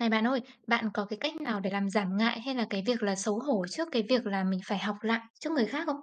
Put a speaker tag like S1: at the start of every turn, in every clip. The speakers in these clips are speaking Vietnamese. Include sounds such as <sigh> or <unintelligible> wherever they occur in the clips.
S1: Này bạn ơi, bạn có cái cách nào để làm giảm ngại, hay là cái việc là xấu hổ trước cái việc là mình phải học lại trước người khác không?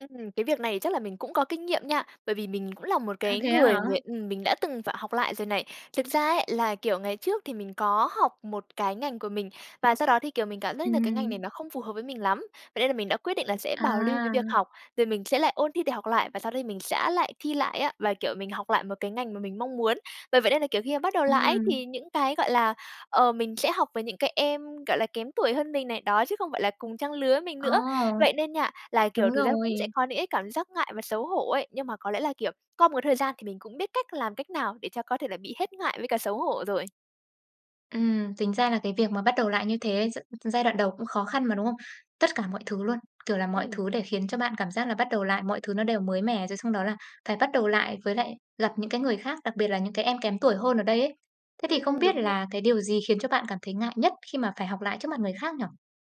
S2: Ừm, cái việc này chắc là mình cũng có kinh nghiệm nha. Bởi vì mình cũng là một
S1: À,
S2: cái
S1: thế á hả?
S2: người người ừm, mình đã từng phải học lại rồi này. Thực ra ấy, là, kiểu, ngày trước thì mình có học một cái ngành của mình và sau đó thì, kiểu, mình cảm giác như là cái ngành này
S1: Ừm.
S2: nó không phù hợp với mình lắm. Vậy nên là mình đã quyết định là sẽ bảo lưu cái việc
S1: À.
S2: học, rồi mình sẽ lại ôn thi để học lại và sau đấy mình sẽ lại thi lại á. Và, kiểu, mình học lại một cái ngành mà mình mong muốn. Bởi vậy nên là, kiểu, khi mà bắt đầu lại ấy,
S1: Ừm.
S2: thì những cái, gọi là, ờ, mình sẽ học với những cái em, gọi là, kém tuổi hơn mình này, đó, chứ không phải là cùng trang lứa mình nữa.
S1: Ồ.
S2: Vậy nên nha, là, kiểu,
S1: Đúng
S2: thực ra cũng sẽ
S1: rồi.
S2: có những cái cảm giác ngại và xấu hổ ấy. Nhưng mà có lẽ là, kiểu, qua một cái thời gian thì mình cũng biết cách làm cách nào để cho có thể là bị hết ngại với cả xấu hổ rồi.
S1: Ừm, tính ra là cái việc mà bắt đầu lại như thế gi giai đoạn đầu cũng khó khăn mà, đúng không? Tất cả mọi thứ luôn, kiểu là, mọi
S2: Ừm.
S1: thứ để khiến cho bạn cảm giác là bắt đầu lại, mọi thứ nó đều mới mẻ, rồi xong đó là phải bắt đầu lại, với lại gặp những cái người khác, đặc biệt là những cái em kém tuổi hơn ở đây ấy. Thế thì không
S2: Ừm,
S1: biết
S2: đúng rồi.
S1: là cái điều gì khiến cho bạn cảm thấy ngại nhất khi mà phải học lại trước mặt người khác nhỉ?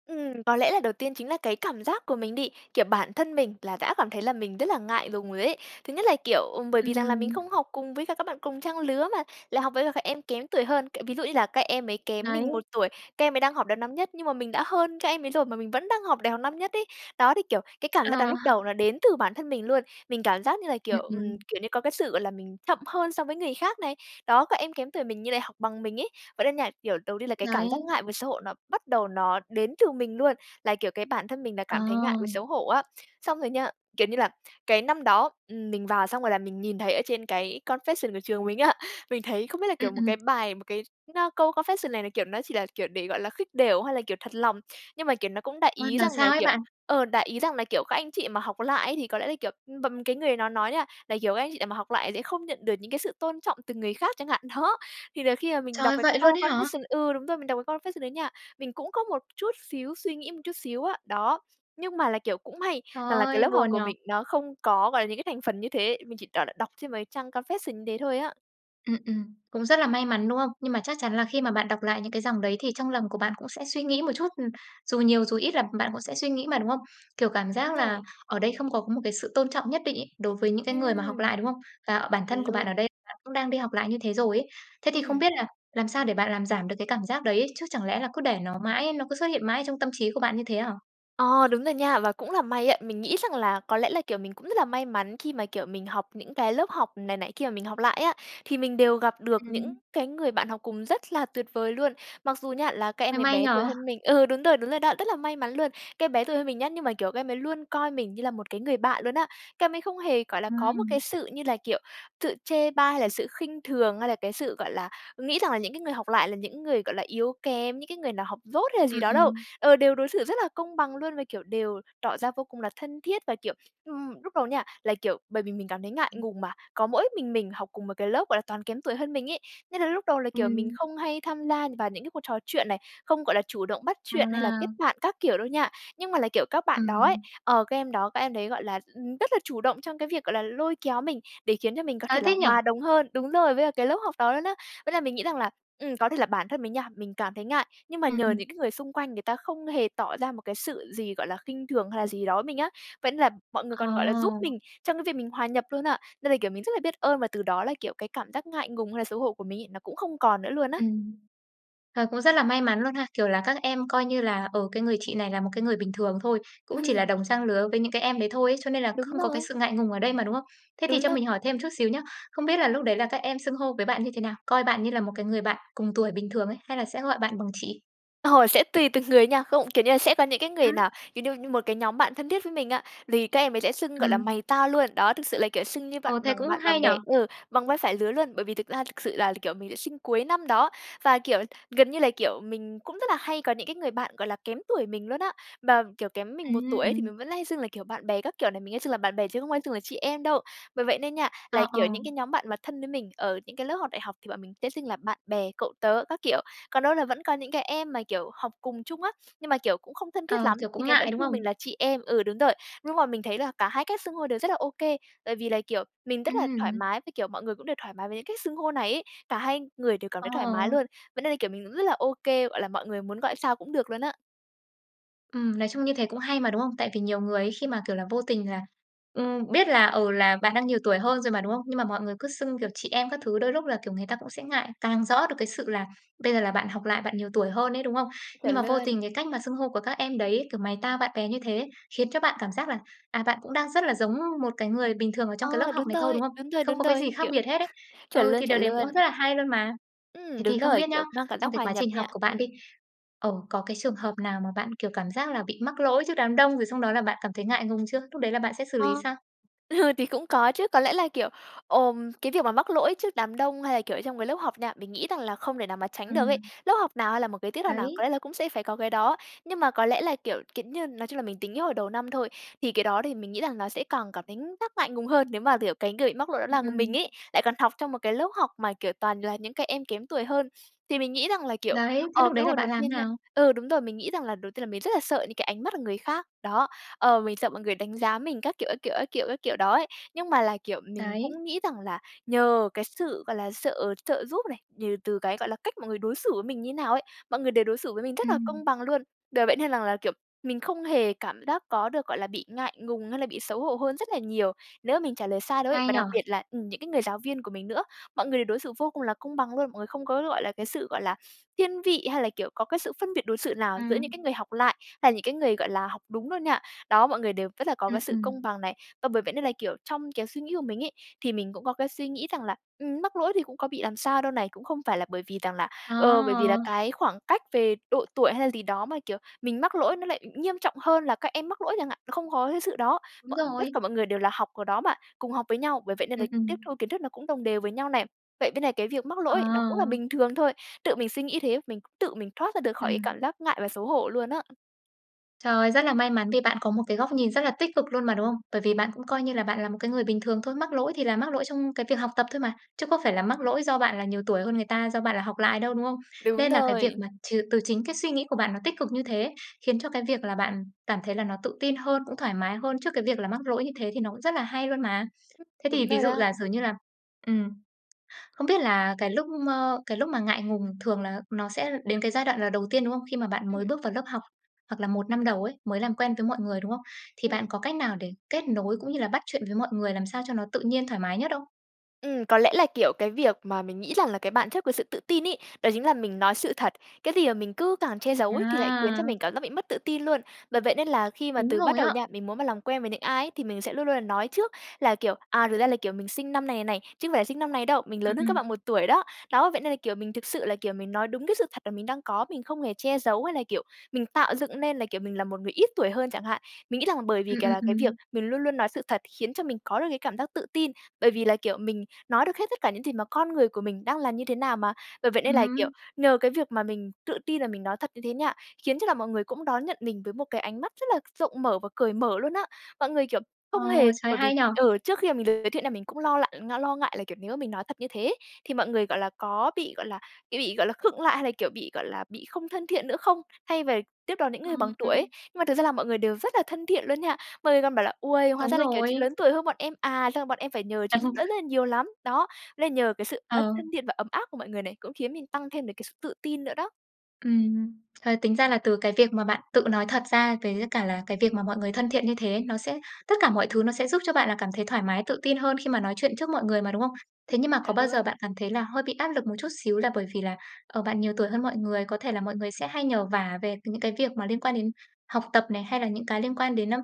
S2: Ừm. Có lẽ là đầu tiên chính là cái cảm giác của mình đi. Kiểu, bản thân mình là đã cảm thấy là mình rất là ngại lùng rồi đấy. Thứ nhất là, kiểu, ừm, bởi vì rằng là mình
S1: Ừm.
S2: không học cùng với cả các bạn cùng trang lứa mà lại học với cả các em kém tuổi hơn, kiểu, ví dụ như là các em ấy kém mình
S1: Đấy.
S2: 1 tuổi, các em ấy đang học đầu năm nhất, nhưng mà mình đã hơn các em ấy rồi mà mình vẫn đang học đại học năm nhất ấy. Đó, thì, kiểu, cái cảm giác đó
S1: Ờ.
S2: lúc đầu nó đến từ bản thân mình luôn, mình cảm giác như là,
S1: Ừm,
S2: kiểu, ừm,
S1: ừm.
S2: kiểu như có cái sự, gọi là, mình chậm hơn so với người khác này, đó, các em kém tuổi mình như lại học bằng mình ấy. Vậy nên nha, kiểu, đầu tiên là cái cảm giác
S1: Đấy.
S2: ngại và xấu hổ nó bắt đầu nó đến từ mình luôn, là, kiểu, cái bản thân mình là
S1: Ờ.
S2: cảm thấy ngại và xấu hổ á. Xong rồi nha, kiểu như là, cái năm đó, ừm, mình vào xong rồi là mình nhìn thấy ở trên cái confession của trường mình á, mình thấy không biết là,
S1: Ừm,
S2: kiểu, một
S1: ừm.
S2: cái bài, một cái x á, câu confession này là, kiểu, nó chỉ là, kiểu, để, gọi là, khích đểu hay là, kiểu, thật lòng, nhưng mà kiểu nó cũng đại
S1: Khoan,
S2: ý
S1: là
S2: rằng là,
S1: sao ấy
S2: kiểu
S1: bạn?
S2: ờ, đại ý, rằng là, kiểu: "Các anh chị mà học lại ấy thì có lẽ là kiểu" ưm, bầm cái người nó nói nha là, kiểu "các anh chị nào mà học lại sẽ không nhận được những cái sự tôn trọng từ người khác" chẳng hạn, đó. Thì là khi mà mình đọc
S1: Trời,
S2: cái
S1: vậy luôn
S2: câu
S1: ấy hả?
S2: confession ừ đúng rồi, mình đọc cái confession đấy nha, mình cũng có một chút xíu suy nghĩ một chút xíu á. Đó, nhưng mà là, kiểu, cũng may
S1: Trời
S2: rằng là cái
S1: ơi,
S2: lớp học
S1: buồn nhỉ!
S2: của mình nó không có, gọi là, những cái thành phần như thế mình chỉ toàn là đọc trên mấy trang confession như thế thôi á.
S1: Ừm, ừm. Cũng rất là may mắn, đúng không? Nhưng mà chắc chắn là khi mà bạn đọc lại những cái dòng đấy thì trong lòng của bạn cũng sẽ suy nghĩ một chút, ừm, dù nhiều, dù ít, là bạn cũng sẽ suy nghĩ mà, đúng không? Kiểu, cảm giác
S2: Đúng
S1: là
S2: rồi.
S1: ở đây không có một cái sự tôn trọng nhất định ấy, đối với những cái người mà học lại,
S2: Ừm
S1: đúng không? Và bản thân của bạn ở
S2: luôn.
S1: đây bạn cũng đang đi học lại như thế rồi ấy. Thế thì không
S2: Ừm.
S1: biết là làm sao để bạn làm giảm được cái cảm giác đấy? Chứ chẳng lẽ là cứ để nó mãi, nó cứ xuất hiện mãi trong tâm trí của bạn như thế hả?
S2: Ờ, đúng rồi nha. Và cũng là may ấy, mình nghĩ rằng là, có lẽ là, kiểu, mình cũng rất là may mắn khi mà, kiểu, mình học những cái lớp học này nọ kia mà mình học lại á, thì mình đều gặp được những
S1: Ừm.
S2: cái người bạn học cùng rất là tuyệt vời luôn. Mặc dù nhá, là các
S1: Ờ,
S2: em ấy
S1: may
S2: bé
S1: nhỉ?
S2: tuổi hơn mình ừ, đúng rồi, đúng rồi đó, rất là may mắn luôn. Các em bé tuổi hơn mình nhá, nhưng mà, kiểu, các em ấy luôn coi mình như là một cái người bạn luôn á. Các em ấy không hề, gọi là, có một cái
S1: Ừm.
S2: sự như là, kiểu, sự chê bai hay là sự khinh thường hay là cái sự, gọi là, nghĩ rằng là những cái người học lại là những người, gọi là, yếu kém, những cái người nào học dốt hay là gì
S1: Ừm,
S2: đó đâu.
S1: ừm.
S2: Ờ, đều đối xử rất là công bằng luôn và, kiểu, đều tỏ ra vô cùng là thân thiết và kiểu ừm, lúc đầu nha, là, kiểu, bởi vì mình cảm thấy ngại ngùng mà, có mỗi mình mình học cùng một cái lớp, gọi là, toàn kém tuổi hơn mình ấy. Nên là lúc đầu là, kiểu, mình
S1: Ừm.
S2: không hay tham gia vào những cái cuộc trò chuyện này, không, gọi là, chủ động bắt chuyện hay là kết
S1: À.
S2: bạn các kiểu đâu nha. Nhưng mà là, kiểu, các bạn đó ấy
S1: Ừm.
S2: ờ, các em đó, các em đấy, gọi là, ừm, rất là chủ động trong cái việc, gọi là, lôi kéo mình, để khiến cho mình có
S1: Trời
S2: thể
S1: ơi,
S2: là
S1: thích nhỉ!
S2: hòa đồng hơn đúng rồi, với cả cái lớp học đó luôn á. Với lại mình nghĩ rằng là, ừm, có thể là bản thân mình nha, mình cảm thấy ngại, nhưng mà
S1: Ừm,
S2: nhờ,
S1: ừm.
S2: những cái người xung quanh người ta không hề tỏ ra một cái sự gì, gọi là, khinh thường hay là gì đó với mình á, vẫn là mọi người còn, gọi là, giúp
S1: Ờ.
S2: mình trong cái việc mình hòa nhập luôn á. Nên là, kiểu, mình rất là biết ơn và từ đó là, kiểu, cái cảm giác ngại ngùng hay là xấu hổ của mình ấy, nó cũng không còn nữa luôn á.
S1: Ừm. Ờ, cũng rất là may mắn luôn ha. Kiểu là, các em coi như là, ờ, "cái người chị này là một cái người bình thường thôi", cũng chỉ là
S2: Ừm.
S1: đồng trang lứa với những cái em đấy thôi ấy, cho nên là
S2: Đúng
S1: không có cái
S2: rồi.
S1: sự ngại ngùng ở đây mà, đúng không? Thế thì
S2: Đúng
S1: cho
S2: na
S1: mình hỏi thêm chút xíu nhá. Không biết là lúc đấy là các em xưng hô với bạn như thế nào? Coi bạn như là một cái người bạn cùng tuổi bình thường ấy, hay là sẽ gọi bạn bằng chị?
S2: Ồ, sẽ tùy từng người nha. Không kiểu như là, sẽ có những cái người
S1: Ừm.
S2: nào, kiểu như, một cái nhóm bạn thân thiết với mình á, lì các em ấy sẽ xưng, gọi là,
S1: Ừm.
S2: mày tao luôn. Đó, thực sự là, kiểu, xưng như bạn
S1: Ờ, thế
S2: bằng
S1: cũng
S2: bạn
S1: hay
S2: bằng
S1: nhỉ.
S2: bè. Ừ, bằng vai phải lứa luôn, bởi vì thực ra thực sự là, kiểu, mình lại sinh cuối năm đó. Và, kiểu, gần như là, kiểu, mình cũng rất là hay có những cái người bạn, gọi là, kém tuổi mình luôn á. Mà, kiểu, kém mình 1 tuổi ấy thì
S1: Ừm.
S2: mình vẫn hay xưng là, kiểu, bạn bè các kiểu này, mình hay xưng là bạn bè chứ không hay xưng là chị em đâu. Bởi vậy nên nha, là,
S1: Ờ, ờ.
S2: kiểu, những cái nhóm bạn mà thân với mình ở những cái lớp học đại học thì bọn mình sẽ xưng là bạn bè, cậu tớ các kiểu. Còn đâu là vẫn có những cái em mà, kiểu, học cùng chung á, nhưng mà, kiểu, cũng không thân thiết
S1: Ờ,
S2: lắm,
S1: kiểu
S2: thì
S1: cũng
S2: cái vẫn
S1: ngại, đúng
S2: xưng
S1: không?
S2: mình là chị em ừ, đúng rồi. Nhưng mà mình thấy là cả 2 cách xưng hô đều rất là ô kê, bởi vì là, kiểu, mình rất là thoải
S1: Ừm.
S2: mái với, kiểu, mọi người cũng đều thoải mái với cái cách xưng hô này ấy, cả hai người đều cảm
S1: Ờ.
S2: thấy thoải mái luôn. Vậy nên là, kiểu, mình cũng rất là ô kê, gọi là, mọi người muốn gọi sao cũng được luôn á.
S1: Ừm, nói chung như thế cũng hay mà, đúng không? Tại vì nhiều người ấy, khi mà, kiểu là, vô tình là ừm, biết là ừ, là bạn đang nhiều tuổi hơn rồi mà, đúng không? Nhưng mà mọi người cứ xưng, kiểu, chị em các thứ, đôi lúc là, kiểu, người ta cũng sẽ ngại, càng rõ được cái sự là bây giờ là bạn học lại, bạn nhiều tuổi hơn ấy, đúng không? Nhưng
S2: Chuẩn
S1: mà vô tình
S2: luôn.
S1: cái cách mà xưng hô của các em đấy, kiểu, mày tao, bạn bè như thế khiến cho bạn cảm giác là, à, bạn cũng đang rất là giống một cái người bình thường ở trong cái lớp
S2: Ờ,
S1: học
S2: đúng
S1: này thôi,
S2: rồi,
S1: đúng không?
S2: đúng rồi,
S1: Không
S2: đúng
S1: có cái
S2: rồi.
S1: gì khác
S2: Kiểu
S1: biệt hết ấy.
S2: <laughs> chuẩn
S1: Ừ,
S2: luôn
S1: thì điều
S2: chuẩn
S1: đấy cũng rất
S2: luôn!
S1: là hay luôn mà.
S2: Ừm,
S1: Thế thì
S2: đúng
S1: không
S2: rồi,
S1: biết nhá,
S2: kiểu, mang cảm
S1: trong
S2: giác
S1: cái
S2: hòa
S1: quá
S2: nhập
S1: trình học
S2: nha.
S1: của bạn
S2: Ừm.
S1: đi, ờ, có cái trường hợp nào mà bạn, kiểu, cảm giác là bị mắc lỗi trước đám đông, rồi xong đó là bạn cảm thấy ngại ngùng chưa? Lúc đấy là bạn sẽ xử
S2: A.
S1: lý sao?
S2: Ừ, thì cũng có chứ, có lẽ là, kiểu, ồ, cái việc mà mắc lỗi trước đám đông hay là, kiểu, trong cái lớp học nha, mình nghĩ rằng là không thể nào mà tránh được ấy.
S1: Ừm.
S2: Lớp học nào hay là một cái tiết học nào, có
S1: Đấy!
S2: lẽ là cũng sẽ phải có cái đó. Nhưng mà có lẽ là, kiểu kiểu như, nói chung là mình tính cái hồi đầu năm thôi. Thì cái đó thì mình nghĩ rằng nó sẽ càng cảm thấy giác ngại ngùng hơn nếu mà, kiểu, cái người bị mắc lỗi đó
S1: Ừm,
S2: là
S1: ừm.
S2: mình ấy, lại còn học trong một cái lớp học mà, kiểu, toàn là những cái em kém tuổi hơn. Thì mình nghĩ rằng là, kiểu,
S1: Đấy, thế
S2: ờ,
S1: lúc
S2: cái
S1: đấy là
S2: hồi đầu
S1: bạn làm thế
S2: tiên nha
S1: nào?
S2: ừ, đúng rồi, mình nghĩ rằng là đầu tiên là mình rất là sợ những cái ánh mắt của người khác, đó. Ờ, mình sợ mọi người đánh giá mình các kiểu, các kiểu, các kiểu, các kiểu đó ấy. Nhưng mà là, kiểu, mình
S1: Đấy.
S2: cũng nghĩ rằng là nhờ cái sự, gọi là, sợ trợ giúp này, nhờ từ cái, gọi là, cách mọi người đối xử với mình như thế nào ấy, mọi người đều đối xử với mình rất là
S1: Ừm.
S2: công bằng luôn. Đờ, vậy nên rằng là, kiểu, mình không hề cảm giác có được, gọi là, bị ngại ngùng hay là bị xấu hổ hơn rất là nhiều nếu mà mình trả lời sai đâu ấy.
S1: Hay
S2: Và
S1: nhỉ.
S2: đặc biệt là, ừm, những cái người giáo viên của mình nữa, mọi người đều đối xử vô cùng là công bằng luôn. Mọi người không có, gọi là, cái sự, gọi là, thiên vị hay là, kiểu, có cái sự phân biệt đối xử nào giữa những
S1: Ừm.
S2: cái người học lại hay là những cái người, gọi là, học đúng luôn nha. Đó, mọi người đều rất là có
S1: Ừm,
S2: cái sự
S1: ừm.
S2: công bằng này. Và bởi vậy nên là, kiểu, trong cái suy nghĩ của mình ấy, thì mình cũng có cái suy nghĩ rằng là, ừm, mắc lỗi thì cũng có bị làm sao đâu này. Cũng không phải là bởi vì rằng là,
S1: Ờ.
S2: ờ, bởi vì là cái khoảng cách về độ tuổi hay là gì đó mà, kiểu, mình mắc lỗi nó lại nghiêm trọng hơn là các em mắc lỗi chẳng hạn, nó không có cái sự đó.
S1: Đúng
S2: Mọi tất cả
S1: rồi.
S2: mọi người đều là học ở đó mà cùng học với nhau. Bởi vậy nên là
S1: Ừm,
S2: tiếp
S1: ừm.
S2: thu kiến thức nó cũng đồng đều với nhau này. Vậy bên này cái việc mắc lỗi nó cũng là
S1: Ờ.
S2: bình thường thôi. Tự mình suy nghĩ thế, mình cũng tự mình thoát ra được khỏi cái cảm
S1: Ừm.
S2: giác ngại và xấu hổ luôn á.
S1: Trời, rất là may mắn vì bạn có một cái góc nhìn rất là tích cực luôn mà, đúng không? Bởi vì bạn cũng coi như là bạn là một cái người bình thường thôi, mắc lỗi thì là mắc lỗi trong cái việc học tập thôi mà, chứ có phải là mắc lỗi do bạn là nhiều tuổi hơn người ta, do bạn là học lại đâu, đúng không?
S2: Đúng
S1: Nên là cái việc
S2: rồi.
S1: mà trừ từ chính cái suy nghĩ của bạn nó tích cực như thế ấy, khiến cho cái việc là bạn cảm thấy là nó tự tin hơn, cũng thoải mái hơn, trước cái việc là mắc lỗi như thế thì nó cũng rất là hay luôn mà. Thế
S2: Đúng
S1: thì ví
S2: rồi
S1: dụ
S2: đó.
S1: giả sử như là, ừm, không biết là cái lúc m cái lúc mà ngại ngùng thường là nó sẽ đến cái giai đoạn là đầu tiên, đúng không? Khi mà bạn mới
S2: Ừm.
S1: bước vào lớp học, hoặc là 1 năm đầu ấy, mới làm quen với mọi người, đúng không? Thì bạn
S2: Ừm.
S1: có cách nào để kết nối cũng như là bắt chuyện với mọi người, làm sao cho nó tự nhiên thoải mái nhất không?
S2: Ừm, có lẽ là, kiểu, cái việc mà mình nghĩ rằng là cái bạn chất của sự tự tin ấy, đó chính là mình nói sự thật, cái gì mà mình cứ càng che giấu ấy thì lại khiến cho
S1: À!
S2: mình cảm giác bị mất tự tin luôn. Bởi vậy nên là khi mà
S1: Đúng
S2: từ bắt
S1: rồi
S2: đầu
S1: á.
S2: nha, mình muốn mà làm quen với những ai thì mình sẽ luôn luôn là nói trước là, kiểu, à, thực ra là, kiểu, mình sinh năm này này, chứ không phải sinh năm này đâu, mình
S1: Ừm,
S2: lớn hơn các bạn
S1: ừm.
S2: 1 tuổi đó. Đó, vậy nên là, kiểu, mình thực sự là, kiểu, mình nói đúng cái sự thật mà mình đang có, mình không hề che giấu, hay là, kiểu, mình tạo dựng nên là, kiểu, mình là một người ít tuổi hơn chẳng hạn. Mình nghĩ rằng bởi vì
S1: Ừm,
S2: cà
S1: ừm,
S2: là cái việc
S1: ừm.
S2: mình luôn luôn nói sự thật khiến cho mình có được cái cảm giác tự tin, bởi vì là, kiểu, mình nói được hết tất cả những gì mà con người của mình đang là như thế nào mà. Bởi vậy nên là, kiểu,
S1: Ừm.
S2: nhờ cái việc mà mình tự tin là mình nói thật như thế nha, khiến cho là mọi người cũng đón nhận mình với một cái ánh mắt rất là rộng mở và cởi mở luôn á. Mọi người, kiểu, không
S1: Ồ,
S2: hề
S1: trời
S2: bởi vì
S1: hay nhỉ!
S2: ừ, trước khi mình được giới thiệu là mình cũng lo lại lo ngại là, kiểu, nếu mình nói thật như thế, thì mọi người, gọi là, có bị, gọi là, kiểu, bị, gọi là, khựng lại hay là, kiểu, bị, gọi là, bị không thân thiện nữa không? Thay về tiếp đón những người
S1: Ừm
S2: bằng tuổi ấy.
S1: hưm.
S2: Nhưng mà thực ra là mọi người đều rất là thân thiện luôn nha, mọi người còn bảo là: "Uây, hóa
S1: Đúng
S2: ra là, kiểu,
S1: rồi.
S2: chị lớn tuổi hơn bọn em à? Sau này bọn em phải nhờ chị giúp đỡ
S1: <chuckles>
S2: rất là nhiều lắm." Đó, là nhờ cái sự ân
S1: Ờ.
S2: thân thiện và ấm áp của mọi người này cũng khiến mình tăng thêm được cái sự tự tin nữa đó.
S1: Ừm, ờ, tính ra là từ cái việc mà bạn tự nói thật ra với cả là cái việc mà mọi người thân thiện như thế, nó sẽ tất cả mọi thứ nó sẽ giúp cho bạn là cảm thấy thoải mái, tự tự tin hơn khi mà nói chuyện trước mọi người mà, đúng không? Thế nhưng mà có
S2: Chuẩn
S1: bao giờ bạn
S2: luôn.
S1: cảm thấy là hơi bị áp lực một chút xíu là bởi vì là, ờ, bạn nhiều tuổi hơn mọi người, có thể là mọi người sẽ hay nhờ vả về c những cái việc mà liên quan đến học tập này, hay là những cái liên quan đến, ơ,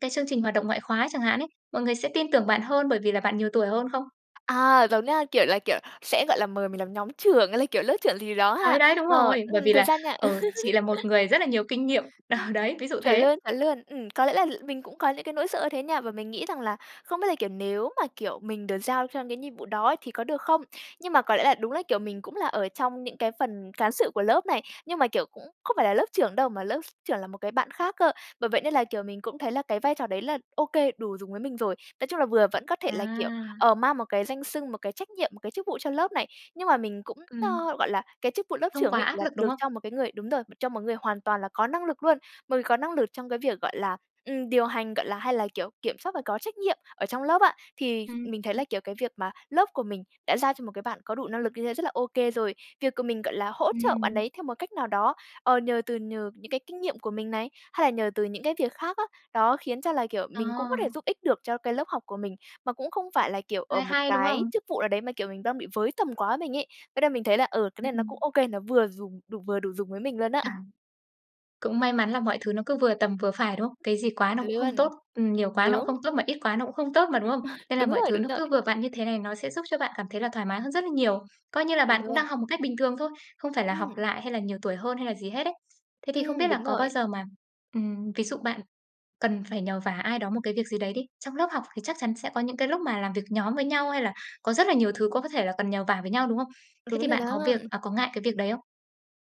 S1: cái chương trình hoạt động ngoại khóa chẳng hạn ấy, mọi người sẽ tin tưởng bạn hơn bởi vì là bạn nhiều tuổi hơn không?
S2: À, giống nha, kiểu là, kiểu, sẽ, gọi là, mời mình làm nhóm trưởng hay là, kiểu, lớp trưởng gì đó
S1: Đấy
S2: ha?
S1: đấy, đúng
S2: Ờ,
S1: rồi. Bởi
S2: ừm,
S1: vì
S2: thực
S1: là,
S2: ra nha
S1: ờ, chị là một
S2: <laughs>
S1: người rất là nhiều kinh nghiệm đờ,
S2: Ừm,
S1: đấy, ví dụ
S2: chuẩn
S1: thế.
S2: luôn, chuẩn luôn. Ừm, có lẽ là mình cũng có những cái nỗi sợ như thế nha, và mình nghĩ rằng là không biết là, kiểu, nếu mà, kiểu, mình được giao cho những nhiệm vụ đó thì có được không? Nhưng mà có lẽ là đúng là, kiểu, mình cũng là ở trong những cái phần cán sự của lớp này, nhưng mà, kiểu, cũng không phải là lớp trưởng đâu mà lớp s trưởng là một cái bạn khác cơ. Bởi vậy nên là, kiểu, mình cũng thấy là cái vai trò đấy là ô kê, đủ dùng với mình rồi nói chung là vừa vẫn có thể là, kiểu,
S1: À.
S2: ờ, mang một cái danh xưng, một cái trách nhiệm, một cái chức vụ cho lớp này. Nhưng mà mình cũng,
S1: Ừm.
S2: ơ, gọi là, cái chức vụ lớp
S1: Không
S2: trưởng
S1: quá
S2: ấy
S1: áp
S2: là
S1: lực, đúng
S2: được
S1: không?
S2: cho một cái người đúng rồi, cho một người hoàn toàn là có năng lực luôn, một người có năng lực trong cái việc, gọi là, ừm, điều hành, gọi là, hay là, kiểu, kiểm soát và có trách nhiệm ở trong lớp á, thì
S1: Ừm,
S2: mình thấy
S1: ừm.
S2: là, kiểu, cái việc mà lớp của mình đã giao cho một cái bạn có đủ năng lực như thế rất là ô kê rồi. Việc của mình, gọi là, hỗ trợ bạn
S1: Ừm.
S2: đấy theo một cách nào đó, ờ, nhờ từ nhờ những cái kinh nghiệm của mình này, hay là nhờ từ những cái việc khác á, đó khiến cho là, kiểu,
S1: Ờ.
S2: mình cũng có thể giúp ích được cho cái lớp học của mình, mà cũng không phải là, kiểu, ở
S1: Hay
S2: một
S1: hay, đúng
S2: cái
S1: không?
S2: chức vụ nào đấy mà, kiểu, mình đang bị với tầm quá mình ấy thế là mình thấy là, ừ, cái
S1: Ừm,
S2: này nó cũng
S1: ừm.
S2: ô kê, nó vừa dùng đủ vừa đủ dùng với mình luôn á.
S1: À. Cũng may mắn là mọi thứ nó cứ vừa tầm vừa phải, đúng không? Cái gì quá nó
S2: Chuẩn
S1: cũng không
S2: luôn.
S1: tốt, ừm, nhiều quá nó cũng
S2: Đúng.
S1: không tốt mà ít quá nó cũng không tốt mà, đúng không?
S2: Ừ,
S1: Nên là
S2: đúng
S1: mọi
S2: rồi,
S1: thứ
S2: đúng
S1: nó
S2: rồi.
S1: cứ vừa vặn như thế này, nó sẽ giúp cho bạn cảm thấy là thoải mái hơn rất là nhiều, coi như là
S2: Chuẩn
S1: bạn cũng
S2: luôn.
S1: đang học một cách bình thường thôi, không phải là học
S2: Ừm.
S1: lại hay là nhiều tuổi hơn hay là gì hết ấy. Thế thì không biết
S2: Ừm,
S1: là
S2: đúng
S1: có bao
S2: rồi.
S1: giờ mà, ừm, ví dụ bạn cần phải nhờ vả ai đó một cái việc gì đấy đi, trong lớp học thì chắc chắn sẽ có những cái lúc mà làm việc nhóm với nhau hay là có rất là nhiều thứ có có thể là cần nhờ vả với nhau, đúng không? Thế
S2: Đúng
S1: thì
S2: rồi
S1: bạn có
S2: đó.
S1: việc à, có ngại cái việc đấy không?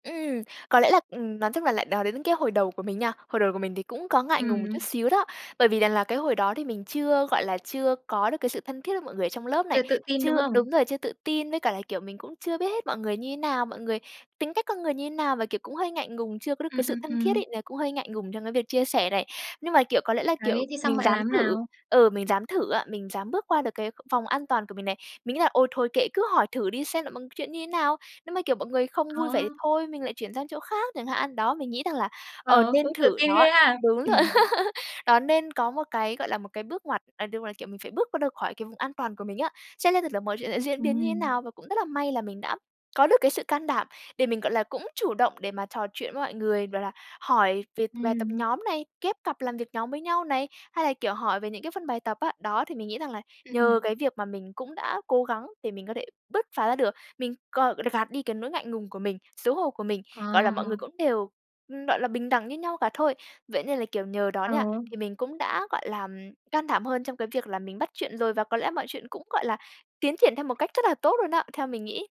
S2: Ừm, có lẽ là ừm, nói chung là lại nói đến cái hồi đầu của mình nha, hồi đầu của mình thì cũng có ngại ngùng một chút
S1: Ừm.
S2: xíu đó. Bởi vì rằng là cái hồi đó thì mình chưa gọi là, chưa có được cái sự thân thiết với mọi người ở trong lớp này,
S1: Chưa tự tin, đúng
S2: chưa
S1: hông?
S2: đúng rồi, chưa tự tin, với cả là, kiểu, mình cũng chưa biết hết mọi người như thế nào, mọi người tính cách con người như thế nào, và, kiểu, cũng hơi ngại ngùng, chưa có được
S1: Ừm,
S2: cái sự
S1: ừm,
S2: thân thiết
S1: ừm.
S2: ấy, là cũng hơi ngại ngùng trong cái việc chia sẻ này. Nhưng mà, kiểu, có lẽ là,
S1: Đấy,
S2: kiểu,
S1: thế xong
S2: mình
S1: bạn
S2: dám
S1: làm thế
S2: thử
S1: nào?
S2: ừ, mình dám thử á, mình dám bước qua được cái vòng an toàn của mình này. Mình nghĩ là: "Ôi thôi kệ, cứ hỏi thử đi xem là mọi chuyện như thế nào." Nếu mà, kiểu, mọi người không
S1: Ờ.
S2: vui vẻ thì thôi mình lại chuyển sang chỗ khác chẳng hạn. Đó, mình nghĩ rằng là, ờ,
S1: Ờ,
S2: nên
S1: cũng tự
S2: thử
S1: tin
S2: đó
S1: ghê ha!
S2: đúng
S1: Ừm.
S2: rồi. <laughs> Đó nên có một cái, gọi là, một cái bước ngoặt ờ, đúng rồi, kiểu, mình phải bước qua khỏi cái vùng an toàn của mình á. Xem xem thử là mọi chuyện sẽ diễn biến như thế
S1: Ừm.
S2: nào, và cũng rất là may là mình đã có được cái sự can đảm để mình, gọi là, cũng chủ động để mà trò chuyện với mọi người, bảo là, hỏi về bài tập
S1: Ừm.
S2: nhóm này, ghép cặp làm việc nhóm với nhau này, hay là, kiểu, hỏi về những cái phần bài tập á. Đó, thì mình nghĩ rằng là
S1: Ừm,
S2: nhờ
S1: ừm.
S2: cái việc mà mình cũng đã cố gắng để mình có thể bứt phá ra được, mình còn gạt đi cái nỗi ngại ngùng của mình, xấu hổ của mình, gọi là, mọi
S1: À.
S2: người cũng đều, ừm, gọi là, bình đẳng như nhau cả thôi. Vậy nên là, kiểu, nhờ đó nha,
S1: Ừ.
S2: thì mình cũng đã, gọi là, can đảm hơn trong cái việc là mình bắt chuyện rồi, và có lẽ mọi chuyện cũng, gọi là, tiến triển theo một cách rất là tốt luôn đó, theo mình nghĩ.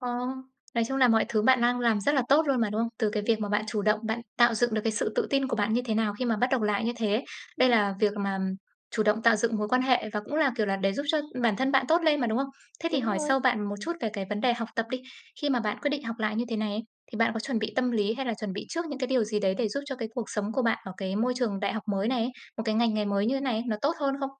S1: Ờ. Nói chung là mọi thứ bạn đang làm rất là tốt luôn mà, đúng không? Từ cái
S2: Ừm.
S1: việc mà bạn
S2: <unintelligible>
S1: chủ động, bạn tạo dựng được cái sự tự tin của bạn như thế nào khi mà bắt đầu học lại như thế. Đây
S2: <unintelligible>
S1: là việc mà chủ động tạo dựng mối quan hệ và cũng là, kiểu là, để giúp cho bản thân bạn tốt lên mà, đúng không? Thế thì
S2: Đúng
S1: hỏi
S2: rồi.
S1: sâu bạn một chút về cái vấn đề học tập đi. Khi mà bạn quyết định học lại như thế này ấy, thì bạn có chuẩn bị tâm lý hay là chuẩn bị trước những cái điều gì đấy để giúp cho cái cuộc sống của bạn ở cái môi trường đại học mới này ấy, một cái ngành nghề mới như thế này, nó tốt hơn không?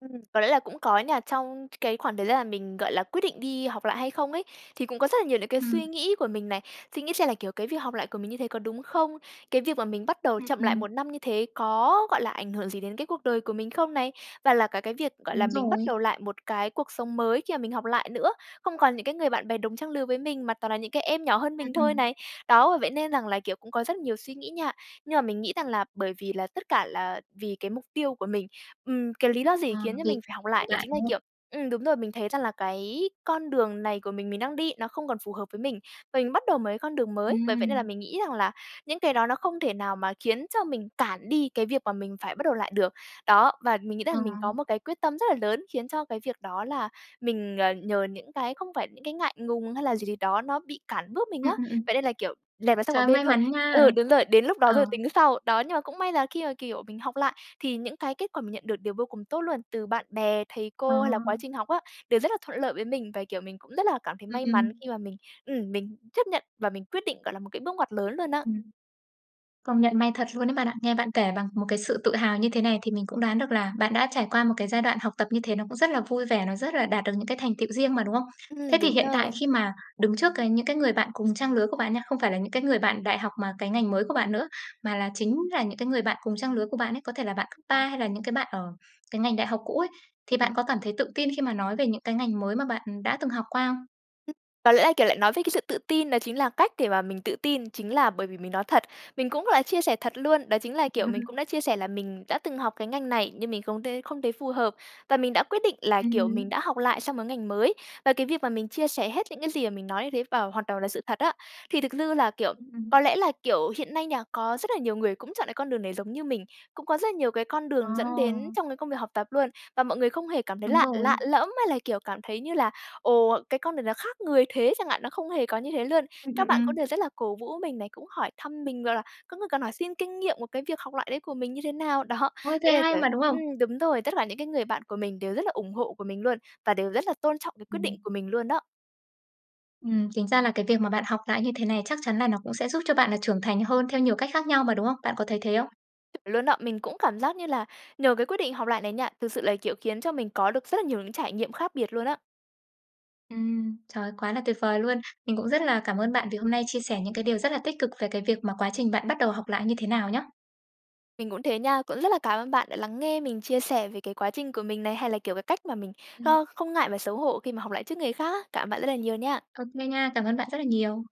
S2: Ừm, có lẽ là cũng có nha. Trong c cái khoảng thời gian mà mình, gọi là, quyết định đi học lại hay không ấy, thì cũng có rất là nhiều những cái
S1: Ừm.
S2: suy nghĩ của mình này. Suy nghĩ xem là, kiểu, cái việc học lại của mình như thế có đúng không? Cái việc mà mình bắt đầu
S1: Ừm,
S2: chậm lại
S1: ừm.
S2: 1 năm như thế có, gọi là, ảnh hưởng gì đến cái cuộc đời của mình không này? Và là cả cái việc, gọi là,
S1: Đúng
S2: mình bắt
S1: rồi.
S2: đầu lại một cái cuộc sống mới khi mà mình học lại nữa, không còn những cái người bạn bè đồng trang lừa với mình mà toàn là những cái em nhỏ hơn
S1: Ừm,
S2: mình thôi
S1: ừm.
S2: này. Đó, vậy nên rằng là, kiểu, cũng có rất nhiều suy nghĩ nha, nhưng mà mình nghĩ rằng là bởi vì là tất cả là vì cái mục tiêu của mình, ừm. Cái lý do gì
S1: Ờ,
S2: khiến cho
S1: việc
S2: mình phải học
S1: của
S2: lại đó
S1: bạn,
S2: chính là,
S1: đúng không?
S2: kiểu ừm, đúng rồi mình thấy rằng là cái con đường này của mình, mình đang đi nó không còn phù hợp với mình, và mình bắt đầu một cái con đường mới. Bởi vậy nên là
S1: Ừm.
S2: mình nghĩ rằng là những cái đó nó không thể nào mà khiến cho mình cản đi cái việc mà mình phải bắt đầu lại được. Đó, và mình nghĩ
S1: Ờ.
S2: rằng mình có một cái quyết tâm rất là lớn, khiến cho cái việc đó là mình, ờ, nhờ những cái không phải những cái ngại ngùng hay là gì gì đó nó bị cản bước mình á.
S1: Ừm, ừm, ừm.
S2: Vậy nên là, kiểu, dẹp nó sang
S1: Trời
S2: một
S1: ơi,
S2: bên
S1: may
S2: thôi
S1: mắn nha,
S2: ừ, đúng rồi, đến lúc đó
S1: ờ.
S2: rồi tính sau. Đó, nhưng mà cũng may là khi mà, kiểu, mình học lại thì những cái kết quả mình nhận được đều vô cùng tốt luôn. Từ bạn bè, thầy
S1: Ờ.
S2: cô hay là quá trình học á đều rất là thuận lợi với mình và, kiểu, mình cũng rất là cảm thấy
S1: Ừm,
S2: may mắn
S1: ừm.
S2: khi mà mình ừm, mình chấp nhận và mình quyết định, gọi là, một cái bước ngoặt lớn luôn á.
S1: Ừm. Công nhận may thật luôn đấy bạn ạ. Nghe bạn kể bằng một cái sự tự hào như thế này thì mình cũng đoán được là bạn đã trải qua một cái giai đoạn học tập như thế nó cũng rất là vui vẻ, nó rất là đạt được những cái thành tựu riêng mà, đúng không? Thế
S2: Ừm,
S1: thì
S2: đúng
S1: hiện tại
S2: rồi.
S1: khi mà đứng trước cái những cái người bạn cùng trang lứa của bạn nha, không phải là những cái người bạn đại học mà cái ngành mới của bạn nữa, mà là chính là những cái người bạn cùng trang lứa của bạn ấy, có thể là bạn cấp ba
S2: <unintelligible>
S1: hay là những cái bạn ở cái ngành đại học cũ ấy, thì bạn
S2: Ừm.
S1: có cảm thấy tự tin khi mà nói về những cái ngành mới mà bạn đã từng học qua không?
S2: <unintelligible> có lẽ là, kiểu, lại nói về cái sự tự tin đó chính là cách để mà mình tự tin, chính là bởi vì mình nói thật, mình cũng là chia sẻ thật luôn, đó chính là, kiểu, mình cũng
S1: <laughs>
S2: đã chia sẻ là mình đã từng học cái ngành này nhưng mình không t không thấy phù hợp và mình đã quyết định là, kiểu, mình
S1: Ừm.
S2: đã học lại sang mớ ngành mới. Và cái việc mà mình chia sẻ hết những cái gì mà mình nói như thế vào hoạt đầu là sự thật á, thì thực dư là, kiểu
S1: Ưm,
S2: có
S1: ừm.
S2: lẽ là, kiểu, hiện nay nhà có rất là nhiều người cũng chọn lại con đường này giống như mình. Cũng có rất là nhiều cái con
S1: Ờ.
S2: đường dẫn đến trong cái công việc học tập luôn, và mọi người không hề cảm thấy
S1: Đúng
S2: lạ lạ
S1: rồi.
S2: lẫm hay là, kiểu, cảm thấy như là: "Ồ, cái con này nó khác người thế!" chẳng hạn, nó không hề có như thế luôn.
S1: Ừm, ừm,
S2: Các bạn cũng
S1: ừm.
S2: đều rất là cổ vũ mình này cũng hỏi thăm mình, rồi là có người còn hỏi xin kinh nghiệm một cái việc học lại đấy của mình như thế nào, đó.
S1: Ôi, thế
S2: Với lại
S1: hay
S2: kiểu
S1: mà, đúng không?
S2: ừm, đúng rồi, tất cả những cái người bạn của mình đều rất là ủng hộ của mình luôn và đều rất là tôn trọng cái quyết định
S1: Ừm.
S2: của mình luôn đó.
S1: Ừm, chính ra là cái việc mà bạn học lại như thế này chắc chắn là nó cũng sẽ giúp cho bạn là trưởng thành hơn theo nhiều cách khác nhau mà, đúng không? Bạn có thấy thế không?
S2: Chuẩn luôn đó! Mình cũng cảm giác như là nhờ cái quyết định học lại này nha, thực sự là, kiểu, khiến cho mình có được rất là nhiều những trải nghiệm khác biệt luôn á.
S1: Ừm, trời ơi, quá là tuyệt vời luôn! Mình cũng rất là cảm ơn bạn vì hôm nay chia sẻ những cái điều rất là tích cực về cái việc mà quá trình bạn bắt đầu học lại như thế nào nhá.
S2: Mình cũng thế nha. Cũng rất là cảm ơn bạn đã lắng nghe mình chia sẻ về cái quá trình của mình này hay là, kiểu, cái cách mà mình,
S1: Ừm.
S2: ơ, không ngại và xấu hổ khi mà học lại trước người khác á. Cảm ơn bạn rất là nhiều nha!
S1: Ô kê, nha. Cảm ơn bạn rất là nhiều.